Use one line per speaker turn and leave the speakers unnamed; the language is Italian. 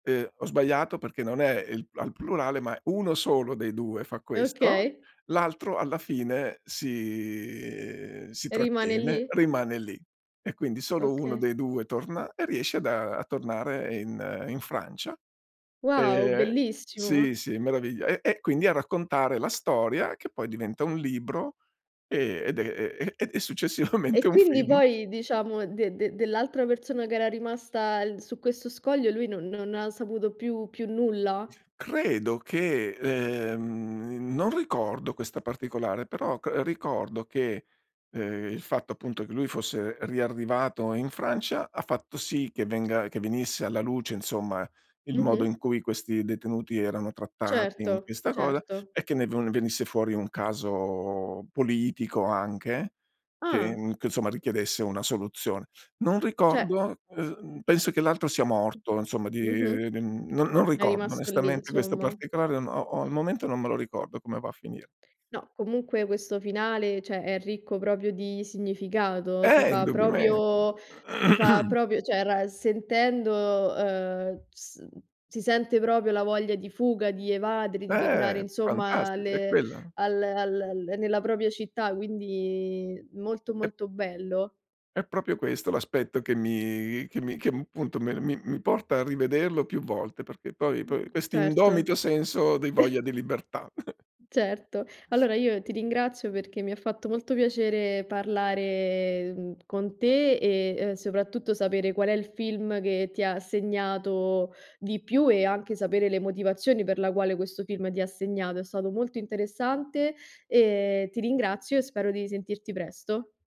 Eh ho sbagliato perché non è i al plurale, ma 1 solo dei 2 fa questo,
Okay.
l'altro alla fine si, si
Rimane
trattiene,
lì?
rimane lì e quindi solo 1
Okay.
dei 2 torna e riesce ad a tornare in in Francia.
Wow,
Ehm sì,
bellissimo!
sì, meraviglia. E e quindi a raccontare la storia che poi diventa un libro e ed è e e e successivamente
E
un
quindi
film.
poi diciamo de de dell'altra persona che era rimasta l su questo scoglio lui non non ha saputo più più nulla?
Credo che ehm non ricordo questa particolare, però cr ricordo che ehm il fatto appunto che lui fosse riarrivato in Francia ha fatto sì che venga che venisse alla luce insomma il modo in
Mh-mh.
cui questi detenuti erano trattati in
Certo,
questa cosa
certo.
e che ne no ne venisse fuori un caso politico anche
Ah.
che che insomma richiedesse una soluzione. Non
Cioè
ricordo ehm penso che l'altro sia morto insomma di
Mh-mh.
mhmm non non
È
ricordo
rimasto lì
onestamente questo
insomma.
particolare o o al momento non me lo ricordo come va a finire.
No, comunque questo finale, cioè, è ricco proprio di significato, ti
Eh!
fa
Indubbiamente.
proprio ti fa proprio cioè, ra sentendo ehm s si sente proprio la voglia di fuga, di evadere, di tornare,
Eh,
insomma,
fantastico, è
alle
quella
al al nella propria città, quindi molto, molto bello.
È proprio questo l'aspetto che mi che mi che appunto mi mi mi porta a rivederlo più volte perché poi poi questo indomito
Certo.
senso di voglia di libertà.
Certo. Allora io ti ringrazio perché mi ha fatto molto piacere parlare mh con te e ehm soprattutto sapere qual è il film che ti ha segnato di più e anche sapere le motivazioni per la quale questo film ti ha segnato. È stato molto interessante e ti ringrazio e spero di sentirti presto.